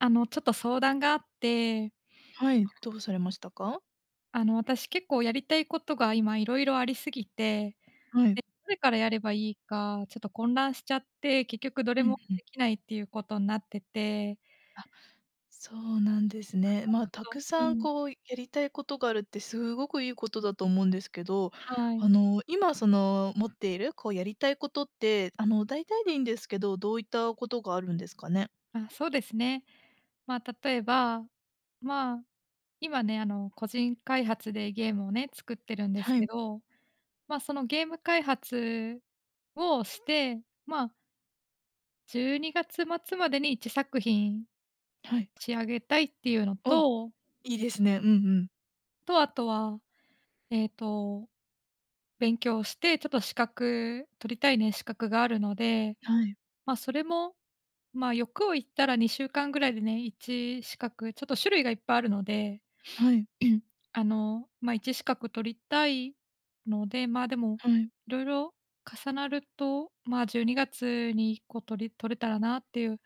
あのちょっと相談があってはい、どうされましたか？あの私、結構やりたいことが今色々ありすぎて、はで、い。どれからやればいいか、ちょっと混乱しちゃって、結局どれうもんうん。できないっていうことになっててあ、そうなんですね。あ、まあ、ちょっと沢うー山ん。こうやりたいことがあるってすごくいいことだと思うんですけど、はあい。の、今その持っているこうやりたいことってあのだいたいでいいんですけど、どういったことがあるんですかね？あ、そうですね。まあ、例えば、まあ、今ね、あの個人開発でゲームをね、作ってるんですはけい。ど、まあ、そのゲーム開発をして、まあ12月末までに1作品はい。仕上げたいっていうのお、といいですね。うんうん。とあとは、ええと、勉強して、ちょっと資格取りたいね、資格があるので。はい。まあ、それもまあ、欲を言ったら2週間ぐらいでね、1資格ちょっと種類がいっぱいあるので、はい。あの、まあ、1資格取りたいので。まあ、でもはい。色々重なると、まあ、12月に1個取り取れたらなっていう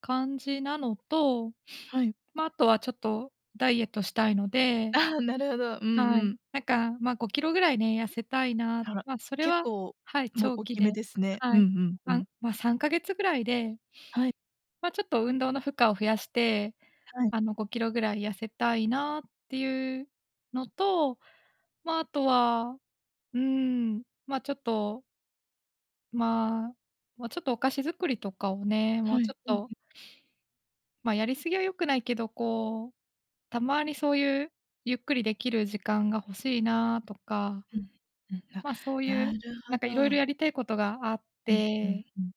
感じなのと、はい。まあ、あとはちょっとダイエットしたいので、ああ、なるほど。うはんうい、ん。なんか、ま、5キロぐらいね、痩せたいな。あら、まあ、それ結は、構はい、もう長大期きめで、ですね。はうんい。うんう3、ん。まあ、3ヶ月ぐらいではい。ま、ちょっと運動の負荷を増やして、はい。あの5キロぐらい痩せたいなっていうのと、まあ、あとは、うーん、まあ、ちょっとまあ。もうちょっと、お菓子作りとかをね。もはうい。ちょっうんうん。と。ま、やりすぎは良くないけど。こう、たまにそういう、ゆっくりできる時間が欲しいなあとか。うん。うん。ま、そういう、あ、なるなほんか、色々ど。やりたいことがあっうん、うて。ん、うん。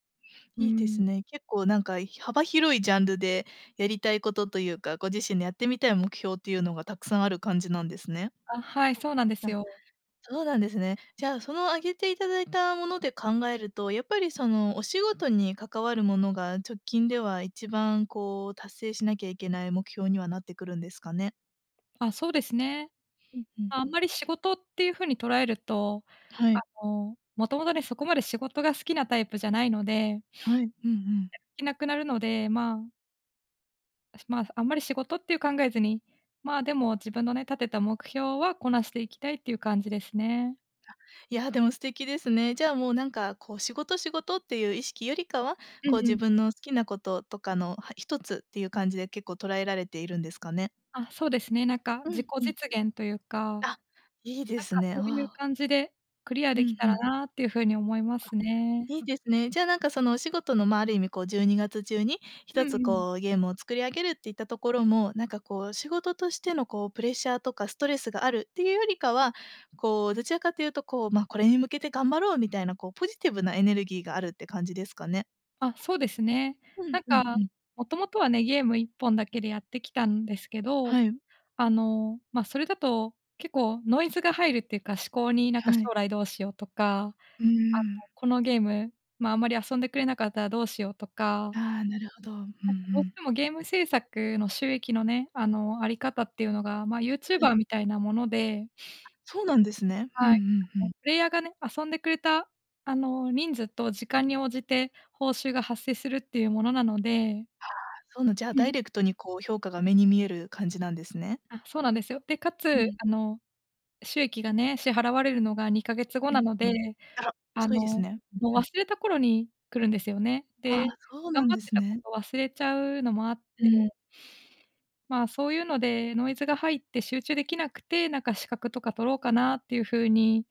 うーいいですん。ね。結構なんか、幅広いジャンルでやりたいことというか、ご自身でやってみたい目標っていうのが、たくさんある感じなんですね。あ、はい。そうなんですあ、よ。そうなんですね。じゃあその、挙げていただいたもので考えると。やっぱりその、お仕事に関わるものが、直近では一番、こう、達成しなきゃいけない目標にはなってくるんですかね。あ、そうですね。うん。ふんふまあ、あんん。まり、仕事っていう風に捉えると。はあい。の、もともとね、そこまで仕事が好きなタイプじゃないので。はい。うんうん。やる気なくなるので。まあ。だし、まあ、す、あんまり仕事っていう考えずに。まあでも、自分のね、立てた目標はこなしていきたいっていう感じですね。あ、いや、でも、素敵ですね。じゃあもう、なんかこう、仕事仕事っていう意識よりかは、うん、こう、う自ん。分の好きなこととかのは一つっていう感じで結構、捉えられているんですかね。ああ、そうですね。なんか、う自ん、己うん。実現というか。あ、いいでなんすかね。あそういうあ。感じで、クリアう出来ん、たふらん。なっていう風に、思いまあ、すね。いいですね。じゃあなんか、そのお仕事の、ま、ある意味こう、12月中に、ひうとんうつんうん。こう、ゲームを作り上げるっていったところも、なんかこう、仕事としてのこう、プレッシャーとかストレスがあるっていうよりかは、こう、どちらかというとこう、ま、これに向けて頑張ろうみたいなこう、ポジティブなエネルギーがあるって感じですかね。あ、そうですね。うんなんうんかうん。元々はね、ゲーム1本だけでやってきたんですけど、はい。あの、ま、それだと結構ノイズが入るっていうか、思考に、なんかは将い。来どうしようとか、うあーん。の、このゲーム、ま、あんまり遊んでくれなかったらどうしようとか。ああ、なるほど。うんうなんかどうしん。てもゲーム制作の収益のね、あの、あり方っていうのがま、ユーチューはバい。ーみたいなもので。あ、そうなんですね。うんうはい。んうあのん。プレイヤーがね、遊んでくれたあの、人数と時間に応じて報酬が発生するっていうものなので。はあ、そうなん、じゃあうダん。イレクトにこう評価が目に見える感じなんですね。あ、そうなんですよ。で、かうつん。あの、収益がね、支払われるのが2か月後うんなのうん。で、あら、あ遅いですの、ね。うんもううん。忘れた頃に来るんですよね。あで、あ、そう頑なん張っでてすたこね。と忘れちゃうのもあっうて。ん。まあそういうので、ノイズが入って集中できなくて、なんか資格とか取ろうかなっていう風に、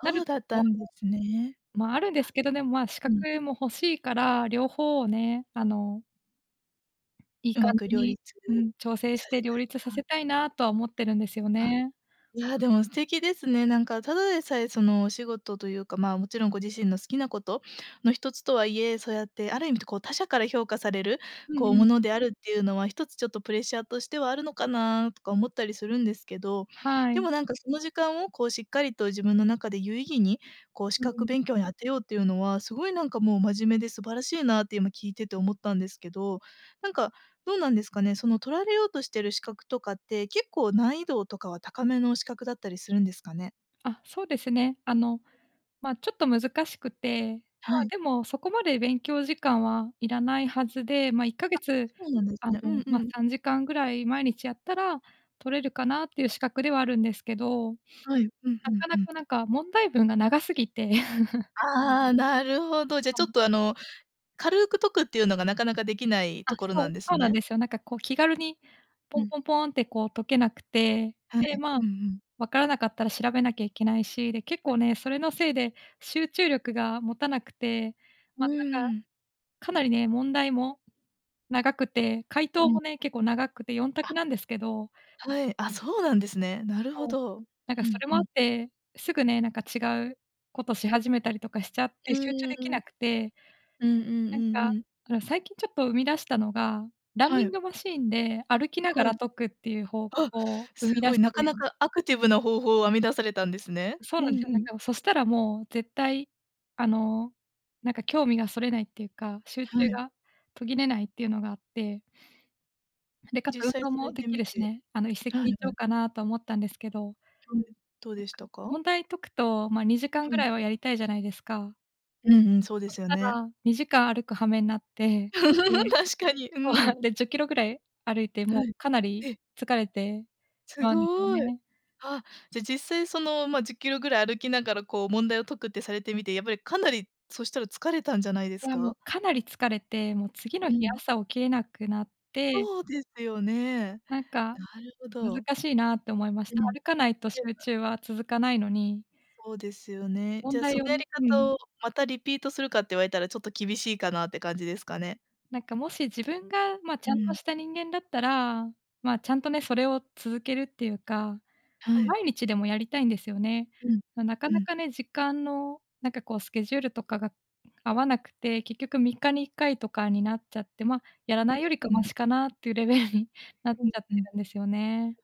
なるうだとったころんですね。も、まあ、あるんですあ、けど、でもまあ資うん。格も欲しいから、両方をね、あのいいう感まくじ両に、立うん、調整さしてせた両い立さな。せたいなとは思ってるんですよあ、ね。いやでも素敵ですね。なんか、ただでさえその、お仕事というか、ま、もちろんご自身の好きなことの1つとはいえ、そうやってある意味、こう他者から評価される、うこうんうん。ものであるっていうのは、ひとつちょっとプレッシャーとしてはあるのかな、とか思ったりするんですけど。はでい。もなんかその時間を、こうしっかりと自分の中で有意義に、こう資うんう格ん。勉強に当てようっていうのは、すごいなんかもう真面目で素晴らしいなって、今聞いてて思ったんですけど。なんか、どうなんですかね。その取られようとしている資格とかって、結構、難易度とかは高めの資格だったりするんですかね？あ、そうですね。あの、ま、ちょっと難しくて、まはあい。でも、そこまで勉強時間はいらないはずで、ま、いっかげあ、つ、そうなんですあの、ね。うんま、うん。3時間ぐらい毎日やったら、取れるかなっていう資格ではあるんですけど、はい。うんなうんかうなん。かなんか問題文が長すぎて。ああ、なるほど。じゃちはょい。っとあの、軽く解くっていうのがなかなかできないあ、ところそなう、んですそうなんね？ですよ。なんかこう気軽に、うポンん。ポンポンってこう解けなくて。はい。で、まあ、うんうん。分からなかったら調べなきゃいけないし、で結構ね、それのせいで集中力が持たなくて、うま、なんーか、ん。かなりね問題も長くて解う答ん。もね、結構長くて4択あ。なんですけど。はい、あ、そうなんですね。なるほそう、ど。なんかふそんれふもあっん。て、すぐね、なんか違うことし始めたりとかしちゃっうて、集中ーできん。なくて。うんうんうなんんか、うん。あの、最近ちょっと生み出したのが、ランはニンい。グマシンで歩きながはい。らあ、解くっていう方法生みす出ごしい、なかなて。かアクティブな方法を編み出されたんですね。そううなんんですよ。うなんん。かもう、そしたらもう絶対、あの、なんか興味がそれないっていうか、集は中い。が途切れないっていうのがあって。で、かつ実運際動さもれでてきみるして、ね。あの一石はい二は鳥い。かなと思ったんですけど。はい。どうなんでしか、たか？問題解くと、ま、2時間はぐい。らいはやりたいじゃないですか。うんうん、そうでそしすよたね。ら2時間歩く羽目なっ て、で確かに、うそん。う、で10キロぐらい歩いて、もはうい。かなりええ。疲れてふすあんですよごい。ね。あ、じゃ実際その、ま、10キロぐらい歩きながらこう問題を解くってされてみて、やっぱりかなり、そしたら疲れたんじゃないですは、もうか？かなり疲れて、もう次のう日ん。朝起きれなくなってそうですよね。なんかなるほど。難しいなって思いましうた。ん。歩かないとていう集か中は続かないのにそうですよね。じ問ゃあそ題のをやねりう方ん。を、またリピートするかって言われたら、ちょっと厳しいかなって感じですかね？なんかもし自分が、ま、ちうゃんとん。した人間だったら、まあ、ちゃんとねそれを続けるっていうか、はい。毎日でもやりたいんですよね。うん、なかうなん。かね、時間のなんかこう、スケジュールとかが合わなくて、結局3日に1回とかになっちゃって、ま、やらなう、いよりかうマん。シかなっていうレベルになっちうん、ゃっうてん。るんですよね。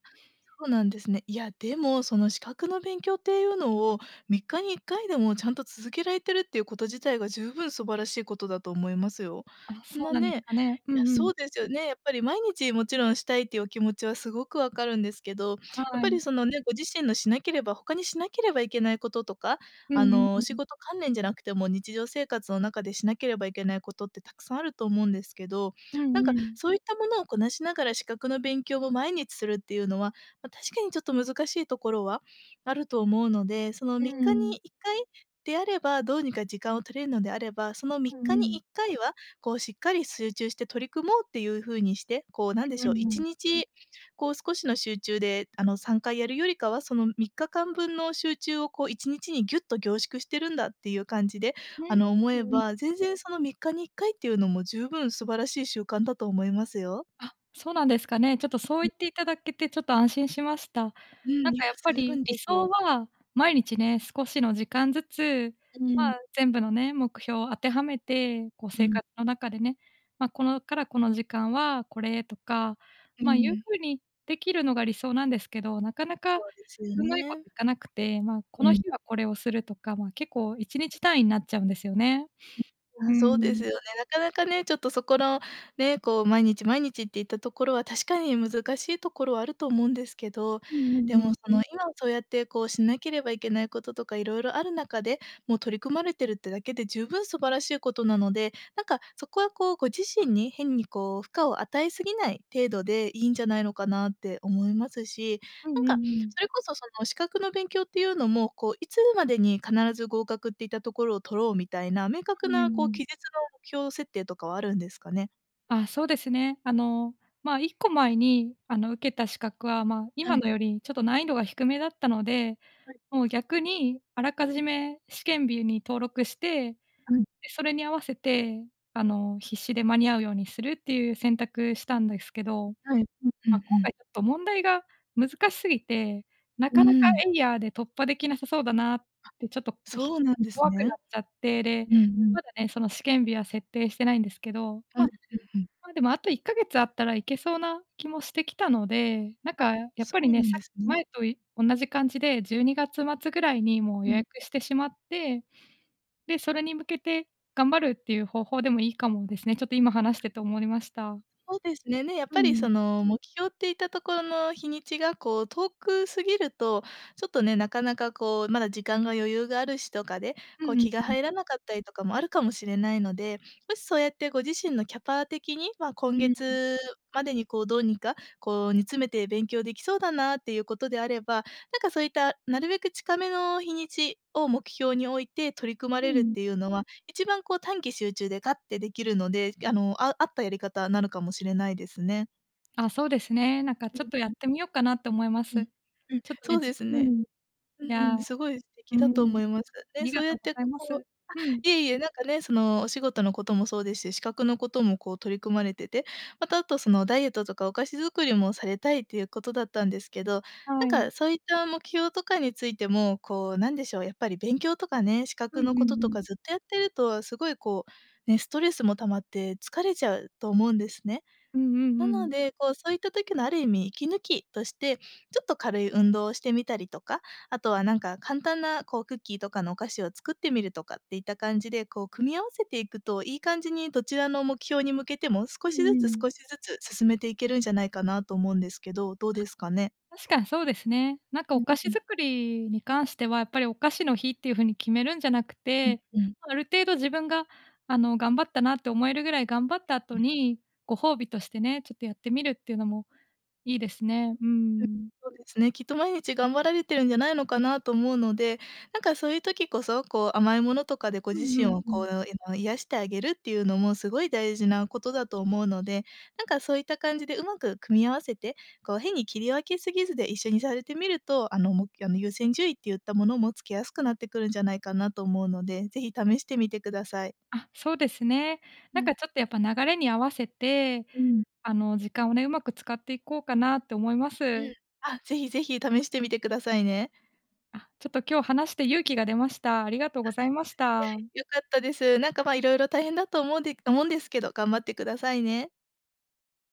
そうなんですね。いや、でもその資格の勉強っていうのを、3日に1回でもちゃんと続けられてるっていうこと自体が十分素晴らしいことだと思いますよ。あ、そなうなんですねかね。ういや、んうそん。うですよね、やっぱり毎日もちろんしたいっていうお気持ちはすごくわかるんですけど、やっはぱい。りそのね、ご自身のしなければ、他にしなければいけないこととか、うんあうの、んう仕ん。事関連じゃなくても日常生活の中でしなければいけないことってたくさんあると思うんですけど、うなんんうかん。そういったものをこなしながら資格の勉強を毎日するっていうのは、ま、確かにちょっと難しいところはあると思うので、そのう3日にん。1回であれば、どうにか時間を取れるのであれば、そのみっうんかうにいん。っかいは、こうしっかり集中して取り組もうっていう風にして、こうなんうでんうしょう、いんうちん。にちこう少しの集中で、あの3回やるよりかは、その3日間分の集中をこう1日にギュッと凝縮してるんだっていう感じで、あね、の、思そえういば、全然その3日に1回っていうのも十分素晴らしい習慣だと思いますよ。あ、そうなんですかね。ちょっとそうん。言っていただけてちょっと安心しました。うなんん、いかや、やっぱじゅうぶりん理ですよ。想は、毎日ね、少しの時間ずつ、うん。ま、全部のね、目標を当てはめてこうう生ん。活の中でね、ま、このからこの時間はこれとか、うま、いうん。風にできるのが理想なんですけど、なかなそかうですようまいこね。といかなくて、まあ、こうのん。日はこれをするとか、ま、結構1日単位なっちゃうんですよね。ん、あうあ、そうですん。よね。なかなかね、ちょっとそこのね、こう毎日毎日っていったところは、確かに難しいところはあると思うんですけど、うんうでんうもん。その、今そうやってこう、しなければいけないこととか色々ある中で、もう取り組まれてるってだけで十分素晴らしいことなので、なんかそこはこう、ご自身に変にこう、負荷を与えすぎない程度でいいんじゃないのかなって思いますし、うなんんうんうかん。それこそその、資格の勉強っていうのも、こういつまでに必ず合格っていったところを取ろうみたいな、明う確ん、うーなこうん。期日の目標設定とかはあるんですかね？あ、そうですね。あの、ま、1個前に、あの、受けた資格は、ま、は今い。のよりちょっと難易度が低めだったので、はい。もう、逆に、あらかじめ試験日に登録して、で、はい。それに合わせて、あの、必死で間に合うようにするっていう選択したんですけど、はい。うんうま、んう今ん。回ちょっと問題が難し過ぎて、なうかなか、ーん。えいやーで突破できなさそうだなってちょっと、ひそうなんです怖くね。なっちゃって、で、うんうん。まだね、その試験日は設定してないんですけど、うん、まうんうん。ま、でもあと1か月あったらいけそうな気もしてきたので、なんあ、かやっそぱりうね、なんさっできすね。前とい同じ感じで12月末ぐらいにもうう予ん。約してしまって、で、それに向けて頑張るっていう方法でもいいかもですね。ちょっと今話してて思いました。そうですね。ね、やっうぱりそん。の目標っていたところの日にちが、こう遠く過ぎると、ちょっとね、なかなかこう、まだ時間が余裕があるしとかで、うこん、う、うん気がうん。入らなかったりとかもあるかもしれないので、もしそうやってご自身のキャパ的に、ま、う今ん。月までに、こうどうにか、こう、煮詰めて勉強出来そうだなっていうことであれば、なんかそういった、なるべく近めの日にちを目標に置いて取り組まうれるっん。ていうのは、一番、こう、短期集中でガッて出来るので、あの、あ合ったやり方なのかもしれないですね。あ、そうですね。なんかうちんょっとやっうん。てみようかなと思いまうす。ん、うん、ちょっとね、そうでじすうーね。ん。いうんうやん、うすごい素ー敵だとん、あ思います。ね、りそうがやとっうごてざいまこうあ、す。うん。いえいえ、なんかね、そのお仕事のこともそうですし、資格のこともこう取り組まれてて、またあと、そのダイエットとかお菓子作りもされたいっていうことだったんですけど、はなんい。かそういった目標とかについても、こうなんでしょう、やっぱり勉強とかね、資う格んのうこんとうとかん。ずっとやってるとすごいこう、ね、ストレスも溜まって疲れちゃうと思うんですね。うんうなんうのん。で、こうそういった時のある意味息抜きとして、ちょっと軽い運動をしてみたりとか、あとはなんか、簡単なこうクッキーとかのお菓子を作ってみるとかっていった感じで、こう組み合わせていくと、いい感じにどちらの目標に向けても少うしんずうつん。少しずつ進めていけるんじゃないかなと思うんですけど、どうあ、ですかね？確かにそうですね。なんかうおん菓子うん。作りに関しては、やっぱりお菓子の日っていう風に決めるんじゃなくうんて、うん。ある程度自分が、あの、頑張ったなって思えるぐらい頑張った後うん。に、ご褒美としてね、ちょっとやってみるっていうのもいいですね。うーうん。ん。そうですね、きっと毎日頑張られてるんじゃないのかなと思うので、なんかそういう時こそ、こう甘いものとかでごう自んう身んをうこん。う、えの、癒してあげるっていうのもすごい大事なことだと思うので、なんかそういった感じでうまく組み合わせて、こう変に切り分けすぎずで、一緒にされてみると、あのもあの優先順位っていったものも、つけやすくなってくるんじゃないかなと思うので、ぜひ試してみてください。あ、そうですね。うなんん。かちょっとやっぱ流れに合わせて、うーん。あの、時間をね、うまく使っていこうかなと思いまうす。ん。あ、ぜひぜひ試してみてくださいね。あ、ちょっと今日話して勇気が出ました。ありがとうございました。や、良かったです。なんか、ま、色々大変だと思うんで思うんですけど、頑張ってくださいね。